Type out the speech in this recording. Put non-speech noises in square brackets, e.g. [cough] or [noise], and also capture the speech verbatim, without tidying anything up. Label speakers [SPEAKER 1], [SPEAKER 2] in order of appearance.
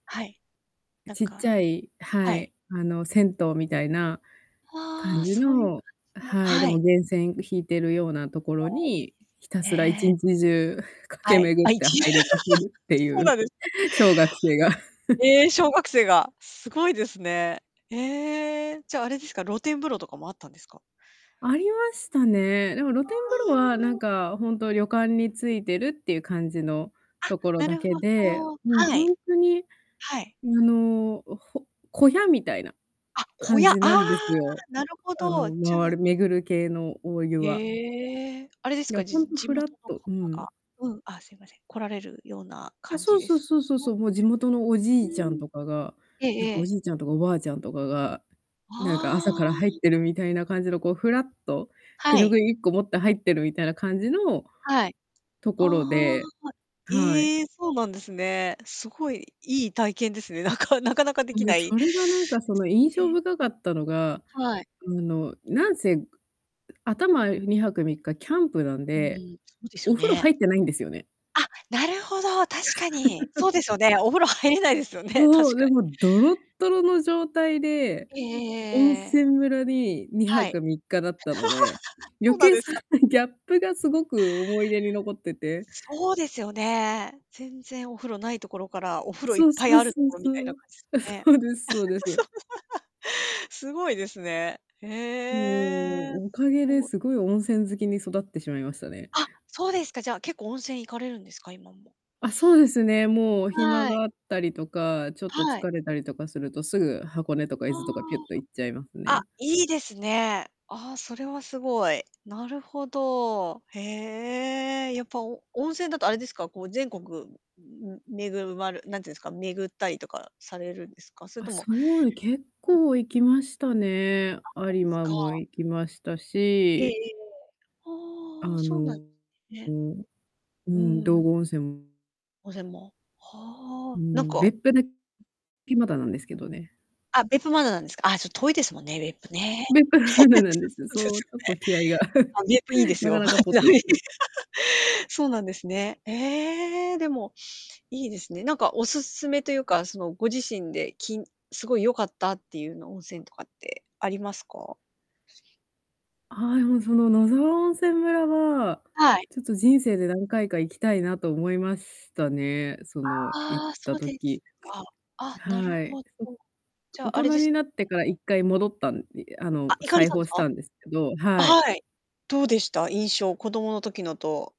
[SPEAKER 1] はい。なん
[SPEAKER 2] ちっちゃ
[SPEAKER 1] か
[SPEAKER 2] いは
[SPEAKER 1] はい。
[SPEAKER 2] い、あの、銭湯みたいな
[SPEAKER 1] あ
[SPEAKER 2] 感
[SPEAKER 1] あ、
[SPEAKER 2] じ
[SPEAKER 1] そういう感
[SPEAKER 2] の、
[SPEAKER 1] じの、
[SPEAKER 2] はい、で
[SPEAKER 1] は
[SPEAKER 2] も
[SPEAKER 1] い。
[SPEAKER 2] 源泉引いてるようなとこ
[SPEAKER 1] あ
[SPEAKER 2] ろ
[SPEAKER 1] あ、いいです
[SPEAKER 2] に、ひたすらいち
[SPEAKER 1] ね。
[SPEAKER 2] にちじゅう駆
[SPEAKER 1] は
[SPEAKER 2] け
[SPEAKER 1] い。
[SPEAKER 2] 巡
[SPEAKER 1] あ、
[SPEAKER 2] っ
[SPEAKER 1] い
[SPEAKER 2] て
[SPEAKER 1] ちあ、
[SPEAKER 2] 入りまくるってい
[SPEAKER 1] そうなん
[SPEAKER 2] う、
[SPEAKER 1] ですか。
[SPEAKER 2] 小学生が。[chuckles]
[SPEAKER 1] ええ、小学生が、すごいですね。ええ、じゃあ、あれですか、露天風呂とかもあったんですか？
[SPEAKER 2] ありましたね。でも
[SPEAKER 1] あ
[SPEAKER 2] 露天風呂はなん
[SPEAKER 1] あ。
[SPEAKER 2] かほんと旅館についてるっていう感じの、
[SPEAKER 1] あ、
[SPEAKER 2] ところ
[SPEAKER 1] な
[SPEAKER 2] だ
[SPEAKER 1] る
[SPEAKER 2] け
[SPEAKER 1] ほ
[SPEAKER 2] で、
[SPEAKER 1] ど、
[SPEAKER 2] もう
[SPEAKER 1] は
[SPEAKER 2] ほ
[SPEAKER 1] い。
[SPEAKER 2] んとに、あ
[SPEAKER 1] はい。
[SPEAKER 2] の、ほ小屋みたいな、
[SPEAKER 1] あ、小
[SPEAKER 2] 感
[SPEAKER 1] 屋、あ
[SPEAKER 2] じな
[SPEAKER 1] あ、
[SPEAKER 2] んですよ。
[SPEAKER 1] なるほ
[SPEAKER 2] あ
[SPEAKER 1] ど、
[SPEAKER 2] の、
[SPEAKER 1] じゃ
[SPEAKER 2] ま
[SPEAKER 1] あ
[SPEAKER 2] る巡る系のお湯は。
[SPEAKER 1] へえ、あれです
[SPEAKER 2] いや、
[SPEAKER 1] か、
[SPEAKER 2] ほ
[SPEAKER 1] じ-
[SPEAKER 2] んと
[SPEAKER 1] 地
[SPEAKER 2] ふらっ
[SPEAKER 1] 元の
[SPEAKER 2] とう
[SPEAKER 1] 方
[SPEAKER 2] ん。
[SPEAKER 1] がうん、あ、すいません、来られるような
[SPEAKER 2] あ、
[SPEAKER 1] 感じ
[SPEAKER 2] そう
[SPEAKER 1] で
[SPEAKER 2] そう
[SPEAKER 1] す
[SPEAKER 2] そうそう
[SPEAKER 1] か？
[SPEAKER 2] そう、もう地元のおじ
[SPEAKER 1] う
[SPEAKER 2] いちゃん
[SPEAKER 1] ん、
[SPEAKER 2] とかが、
[SPEAKER 1] ええ
[SPEAKER 2] なん
[SPEAKER 1] え
[SPEAKER 2] かお
[SPEAKER 1] え。
[SPEAKER 2] じいちゃんとかおばあちゃんとかが、なんか朝
[SPEAKER 1] あ
[SPEAKER 2] から入っ
[SPEAKER 1] あ。
[SPEAKER 2] てるみたいな感じの、こうふらっと、手
[SPEAKER 1] は
[SPEAKER 2] ぬ
[SPEAKER 1] い。
[SPEAKER 2] ぐいいっこ持って入ってるみたいな感じの
[SPEAKER 1] はい。
[SPEAKER 2] と
[SPEAKER 1] あ
[SPEAKER 2] こ
[SPEAKER 1] あ、
[SPEAKER 2] ろで、はい。
[SPEAKER 1] ええ、そうなんですね。すごい、いい体験ですね。なかなかなかでき
[SPEAKER 2] ん、
[SPEAKER 1] ない
[SPEAKER 2] そ
[SPEAKER 1] で
[SPEAKER 2] れがなん
[SPEAKER 1] す
[SPEAKER 2] かその印象
[SPEAKER 1] ね。
[SPEAKER 2] 深かったのが、
[SPEAKER 1] はい。
[SPEAKER 2] あの、なんせ、ん頭にはくみっかキャンプなん
[SPEAKER 1] うん、
[SPEAKER 2] で、
[SPEAKER 1] そうです
[SPEAKER 2] お
[SPEAKER 1] よ
[SPEAKER 2] 風呂入
[SPEAKER 1] ね。
[SPEAKER 2] ってないんですよね。
[SPEAKER 1] あ、なるほど、確かに。そうですよね、
[SPEAKER 2] [laughs]
[SPEAKER 1] お風呂入れないですよね、
[SPEAKER 2] そ
[SPEAKER 1] 確
[SPEAKER 2] う、
[SPEAKER 1] か
[SPEAKER 2] で
[SPEAKER 1] に。
[SPEAKER 2] もドロドロの状態で、
[SPEAKER 1] えええええ
[SPEAKER 2] 温
[SPEAKER 1] えええ。
[SPEAKER 2] 泉村にには
[SPEAKER 1] はい。
[SPEAKER 2] くみっかだったので、
[SPEAKER 1] [laughs]
[SPEAKER 2] 余
[SPEAKER 1] そうなん
[SPEAKER 2] 計
[SPEAKER 1] で
[SPEAKER 2] そ
[SPEAKER 1] すか。
[SPEAKER 2] うギャップがすごく思い出に残ってて
[SPEAKER 1] そうですよね。全然お風呂ないところから、お風呂いっ
[SPEAKER 2] そう
[SPEAKER 1] ぱい
[SPEAKER 2] そう
[SPEAKER 1] あると
[SPEAKER 2] そう
[SPEAKER 1] ころみ
[SPEAKER 2] そ
[SPEAKER 1] たいな
[SPEAKER 2] う。
[SPEAKER 1] 感じですか
[SPEAKER 2] あ、
[SPEAKER 1] ね。
[SPEAKER 2] そうです、そうです。
[SPEAKER 1] [laughs] すごいですね。へ
[SPEAKER 2] も
[SPEAKER 1] え、
[SPEAKER 2] う、お
[SPEAKER 1] す
[SPEAKER 2] かげで
[SPEAKER 1] ご。
[SPEAKER 2] すごい温泉好きに育ってしまいましたね。
[SPEAKER 1] あ、そうですか、じゃ結構温泉行かれるんですか、今も。
[SPEAKER 2] あ、そうですね、もう暇
[SPEAKER 1] はい。
[SPEAKER 2] があったりとか、ちょっと疲
[SPEAKER 1] はい。
[SPEAKER 2] れたりとかすると、すぐ箱根とか伊
[SPEAKER 1] あ
[SPEAKER 2] 豆とかぴゅっと行っちゃいます
[SPEAKER 1] あ、あ、
[SPEAKER 2] ね。
[SPEAKER 1] いいですね。ああ、それは凄い。なるほど。へえ、やっぱお温泉だとあれですか、こう全国んめぐまるなんて言うんですか、巡ったりとかされるんですか？それ
[SPEAKER 2] あ、
[SPEAKER 1] とも
[SPEAKER 2] そう、結
[SPEAKER 1] うん。
[SPEAKER 2] 構行きましたね、
[SPEAKER 1] あ、そう
[SPEAKER 2] 有
[SPEAKER 1] です
[SPEAKER 2] 馬
[SPEAKER 1] か。
[SPEAKER 2] も行きました
[SPEAKER 1] ええええ
[SPEAKER 2] し
[SPEAKER 1] ええ。
[SPEAKER 2] あ
[SPEAKER 1] はあ、そうなん
[SPEAKER 2] の、う
[SPEAKER 1] ね。
[SPEAKER 2] ん、う
[SPEAKER 1] う
[SPEAKER 2] ん、
[SPEAKER 1] ー
[SPEAKER 2] 道
[SPEAKER 1] ん。
[SPEAKER 2] 後温泉も
[SPEAKER 1] 温泉も、は
[SPEAKER 2] う
[SPEAKER 1] あ、なん
[SPEAKER 2] ん、
[SPEAKER 1] か
[SPEAKER 2] 別府で [unintelligible] いまだなんですけどね。
[SPEAKER 1] あ、別府まだなんですか。ああ、ちょっと遠いですもんね、別府ね。[laughs]
[SPEAKER 2] 別府
[SPEAKER 1] [unintelligible]
[SPEAKER 2] ま
[SPEAKER 1] で
[SPEAKER 2] だなんですよ、
[SPEAKER 1] す
[SPEAKER 2] そう、ち
[SPEAKER 1] よ
[SPEAKER 2] ょっ
[SPEAKER 1] ね。
[SPEAKER 2] と気合が、[laughs]
[SPEAKER 1] あ、別府いいです
[SPEAKER 2] なか
[SPEAKER 1] よ。
[SPEAKER 2] なかぽっと行ってない。
[SPEAKER 1] [laughs] そうなんですね。ええ、でも、いいですね。なんかお勧めというか、その、ご自身で、き凄い良かったっていうの温泉とかってありますか？[unintelligible]
[SPEAKER 2] ああ、もうその野沢温泉村は、
[SPEAKER 1] はい。
[SPEAKER 2] ちょっと人生で何回か行きたいなと思いますしたね、その、行っ
[SPEAKER 1] ああ、そ
[SPEAKER 2] た
[SPEAKER 1] うです
[SPEAKER 2] 時。
[SPEAKER 1] か。
[SPEAKER 2] [hiccups]
[SPEAKER 1] あ、なる
[SPEAKER 2] はい。
[SPEAKER 1] ほど。
[SPEAKER 2] そ
[SPEAKER 1] じ
[SPEAKER 2] 大
[SPEAKER 1] ゃあれ
[SPEAKER 2] 人
[SPEAKER 1] です
[SPEAKER 2] になってからいっかい戻ったんいあ
[SPEAKER 1] あ、
[SPEAKER 2] の、
[SPEAKER 1] 行かれ
[SPEAKER 2] 再
[SPEAKER 1] たんで
[SPEAKER 2] 訪
[SPEAKER 1] す
[SPEAKER 2] し
[SPEAKER 1] か？
[SPEAKER 2] たんですけど、
[SPEAKER 1] あ、
[SPEAKER 2] はい。
[SPEAKER 1] はい。どうでした、印象、子供の時のと。